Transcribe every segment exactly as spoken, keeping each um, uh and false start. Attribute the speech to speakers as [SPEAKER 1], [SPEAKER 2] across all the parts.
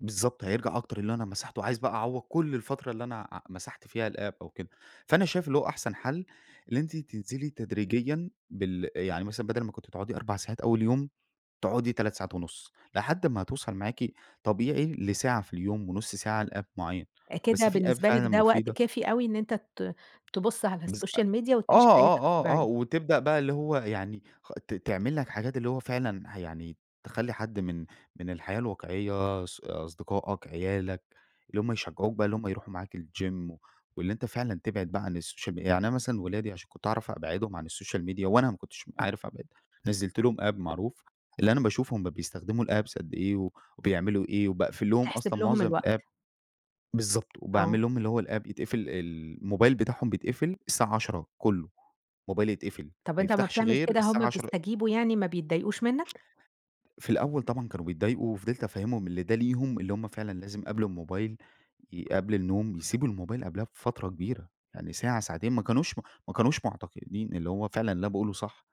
[SPEAKER 1] بالضبط، هيرجع أكتر اللي أنا مسحته، وعايز بقى أعوض كل الفترة اللي أنا ع مسحت فيها الapp أو كده، فأنا شايف اللي هو أحسن حل اللي أنتِ تنزلي تدريجيًا بال يعني مثلًا بدل ما كنتِ بتقعدي اربع ساعات أول يوم، تقعدي تلات ساعات ونص لحد ما توصل معاكِ طبيعي لساعة في اليوم ونص ساعة لapp معين، بس
[SPEAKER 2] كده
[SPEAKER 1] في app
[SPEAKER 2] بالنسبة لك
[SPEAKER 1] فعلًا
[SPEAKER 2] ده وقت
[SPEAKER 1] مفيدة
[SPEAKER 2] كافي أوي إن أنت ت تبص على
[SPEAKER 1] بس أ
[SPEAKER 2] الSocial Media وتعيش
[SPEAKER 1] آه،
[SPEAKER 2] حياتك
[SPEAKER 1] آه، آه،
[SPEAKER 2] طبيعية.
[SPEAKER 1] وتبدأ بقى اللي هو يعني خ ت تعمل لك حاجات اللي هو فعلًا يعني تخلي حد من من الحياة الواقعية ص أصدقائك، عيالك، اللي هم يشجعوك بقى اللي هم يروحوا معاك الGym واللي أنت فعلًا تبعد بقى عن الSocial Media، يعني أنا مثلًا ولادي عشان كنت أعرف أبعدهم عن الSocial Media وأنا ما كنتش عارف أبعد، نزّلت لهم app معروف اللي أنا باشوف هم بيستخدموا الapps قد إيه و وبيعملوا إيه وباقفل لهم
[SPEAKER 2] تحسب
[SPEAKER 1] أصلًا
[SPEAKER 2] لهم
[SPEAKER 1] معظم
[SPEAKER 2] الوقت.
[SPEAKER 1] الapp، بالضبط،
[SPEAKER 2] آه.
[SPEAKER 1] وباعمل لهم اللي هو الapp يتقفل ال الموبايل بتاعهم بيتقفل الساعة عشرة كله، الموبايل يتقفل
[SPEAKER 2] طب
[SPEAKER 1] ما
[SPEAKER 2] أنت امَّا
[SPEAKER 1] يفتحش
[SPEAKER 2] بتعمل
[SPEAKER 1] غير
[SPEAKER 2] كده، هم
[SPEAKER 1] الساعة عشرة
[SPEAKER 2] بيستجيبوا يعني ما بيتضايقوش منك؟
[SPEAKER 1] في الأول طبعًا كانوا بيتضايقوا، وفضلت أفهمهم إن ده ليهم اللي هم فعلًا لازم قبل الموبايل قبل النوم يسيبوا الموبايل قبلها بفترة كبيرة، يعني ساعة ساعتين ما كانوش ما كانوش معتقدين اللي هو فعلًا اللي أنا باقوله صح،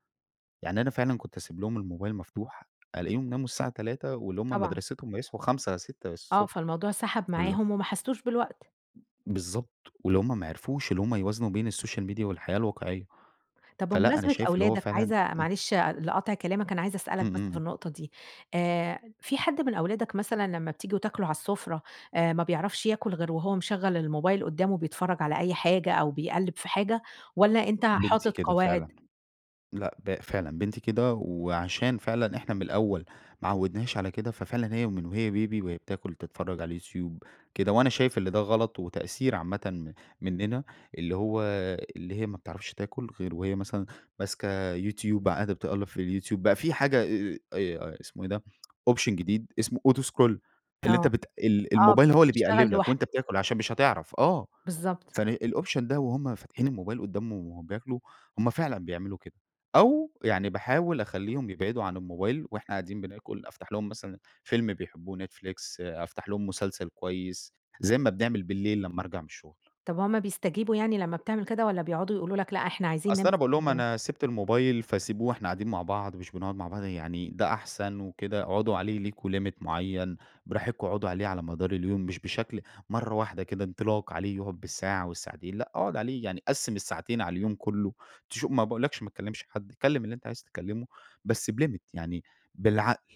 [SPEAKER 1] يعني أنا فعلًا كنت أسيب لهم الموبايل مفتوح ألاقيهم ناموا الساعة تلاتة واللي هم
[SPEAKER 2] طبعًا.
[SPEAKER 1] مدرستهم هيصحوا خمسة، ستة
[SPEAKER 2] آه،
[SPEAKER 1] الصبح،
[SPEAKER 2] فالموضوع سحب
[SPEAKER 1] فالل
[SPEAKER 2] معاهم وما حسوش بالوقت.
[SPEAKER 1] بالضبط، ولو هم ما عرفوش اللي هم يوازنوا بين الSocial Media والحياة الواقعية،
[SPEAKER 2] طب
[SPEAKER 1] فلأ، أنا
[SPEAKER 2] بمناسبة
[SPEAKER 1] شايف اللي هو
[SPEAKER 2] أولادك،
[SPEAKER 1] فعلًا
[SPEAKER 2] عايزة
[SPEAKER 1] امم.
[SPEAKER 2] معلش لقطع كلامك، أنا عايزة أسألك
[SPEAKER 1] امم، امم،
[SPEAKER 2] بس في
[SPEAKER 1] امم.
[SPEAKER 2] النقطة دي، آآ، في حد من أولادك مثلًا لما بتيجوا تاكلوا على السفرة، آآ، ما بيعرفش ياكل غير وهو مشغّل الموبايل قدّامه بيتفرج على أي حاجة، أو بيقلّب في حاجة والَّا أنت
[SPEAKER 1] بنتي
[SPEAKER 2] حاطط
[SPEAKER 1] كده فعلًا،
[SPEAKER 2] قواعد؟
[SPEAKER 1] لأ ب فعلًا بنتي كده، وعشان فعلًا إحنا من الأول ما عودنهاش على كده، ففعلًا هي ومن هي بيبي وهي بتاكل تتفرج على الYoutube كده، وأنا شايف اللي ده غلط وتقصير عامةً مننا، اللي هو اللي هي ما بتعرفش تاكل غير وهي مثلًا ماسكه Youtube قاعدة بتقلِّب في الYoutube بقى في حاجة آآ، اسمه إيه ده option جديد اسمه auto scroll اللي أنت
[SPEAKER 2] آه،
[SPEAKER 1] بت ال
[SPEAKER 2] آه
[SPEAKER 1] الموبايل هو اللي
[SPEAKER 2] بيشتغل
[SPEAKER 1] بيقلِّب لك وأنت
[SPEAKER 2] لوحده.
[SPEAKER 1] بتاكل عشان مش هتعرف، آه،
[SPEAKER 2] بالضبط.
[SPEAKER 1] فن الoption ده وهم فاتحين الموبايل قدامهم وبياكلوا، هم فعلًا بيعملوا كده، أو يعني باحاول أخلِّيهم يبعدوا عن الموبايل وإحنا قاعدين بناكل، أفتح لهم مثلًا فيلم بيحبوه Netflix أفتح لهم مسلسل كويس، زي ما بنعمل بالليل لمَّا أرجع من الشغل.
[SPEAKER 2] طب وهم بيستجيبوا يعني لمَّا بتعمل كده، والَّا بيقعدوا يقولوا لك لأ إحنا عايزين
[SPEAKER 1] أصل أنا
[SPEAKER 2] نمسك
[SPEAKER 1] باقول لهم
[SPEAKER 2] الموبايل؟
[SPEAKER 1] أنا سِبت الموبايل فسيبوه إحنا قاعدين مع بعض، مش بنقعد مع بعض يعني ده أحسن وكده اقعدوا عليه ليكم limit معيَّن براحتكم اقعدوا عليه على مدار اليوم مش بشكل مرة واحدة كده انطلاق عليه يقعد بالساعة والساعتين، لأ أقعد عليه يعني قسِّم الساعتين على اليوم كله، تشو ما باقولكش ما تكلِّمش حد، كلم اللي أنت عايز تكلمه بس بlimit يعني بالعقل.